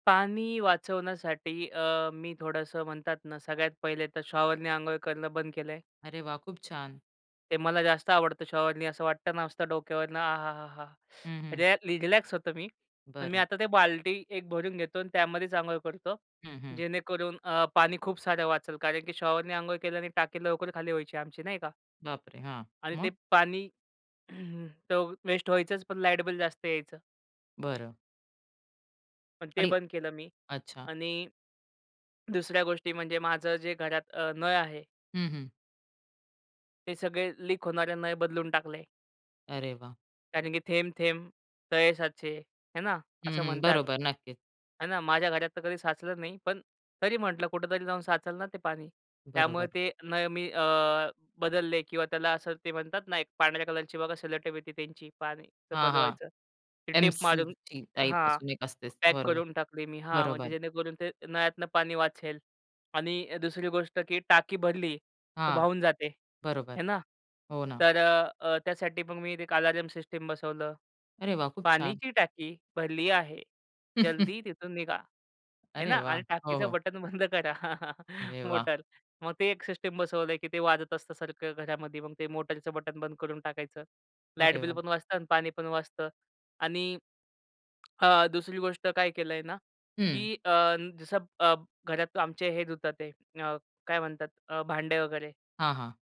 पाणी वाचवण्यासाठी अ, मी थोडंसं म्हणतात ना, सगळ्यात पहिले तर शॉवरने अंघोळ करणं बंद केलं आहे. अरे वा! खूप छान. ते मला जास्त आवडतं शॉवरनी असं वाटत ना, असतं डोक्यावरनं आह! हा हा! हं, हं. रयलॅ रिलॅक्स होतो मी. पण मी बरं. आता ते बाल्टी एक भरून घेतो आणि त्यामध्येच अंघोळ करतो, हं, हं. जेणेकरून अ, पाणी खूप सारं वाचलं कारण की शॉवर नी अंघोळ केलं आणि टाकी लवकर खाली व्हायची आमची नाही का? बापरे! हां, आणि ते मग? पाणी तर वेस्ट व्हायचंच पण लाईट बिल जास्त यायचं. बरं. पण ते आणि बंद केलं मी अच्छा. आणि दुसऱ्या गोष्टी म्हणजे माझं जे घरात अ, नळ आहे. हं, हं. हे सगळे लीक होणारे नळ बदलून टाकले. अरे वा! कारण की थेंब-थेंब तळे साचे, आहे ना हं, असं हं. म्हणतात. बरोबर, नक्कीच. आहे ना, माझ्या घरात तर कधी साचलं नाही पण तरी म्हटलं कुठेतरी जाऊन साचलं ना ते पाणी, त्यामुळे बरोबर. ते नळ मी अ, बदलले किंवा त्याला असं ते म्हणतात ना एक पांढऱ्या कलरची बघा सेलोटेप येते त्यांची, पाणी हां, बंद हां, व्हायचं, ते टेप एमसील मारून टी टाइप हां, एक असतेच पॅक बरोबर, करून टाकली मी हां, म्हणजे बरोबर. जेणेकरून ते नळ्यातनं पाणी वाचेल आणि अ, दुसरी गोष्ट की टाकी भरली तर हां, वाहून जाते, बरोबर, आहे ना. हो ना. तर अ, अ, त्यासाठी मग मी एक अलार्म सिस्टम बसवलं. अरे वा! खूप छान. पाण्याची टाकी भरली आहे, जल्दी तिथून निघा. आहे अरे ना वा! आणि हो, टाकीचं हो. बटन बंद करा, अरे वा! मोटर. मग ते एक सिस्टम बसवलंय, की ते वाजत असतं सारखं घरामध्ये मग ते मोटारचं बटन बंद करून टाकायचं. लाईट अरे वा! बिल पण वाचतं आणि पाणी पण वाचतं आणि अ, दुसरी गोष्ट काय केलंय ना, की हं. अ, जसं अ, घरात आमचे हे धुतात ते, काय म्हणतात? अ, भांड्या वगैरे. हां, हां.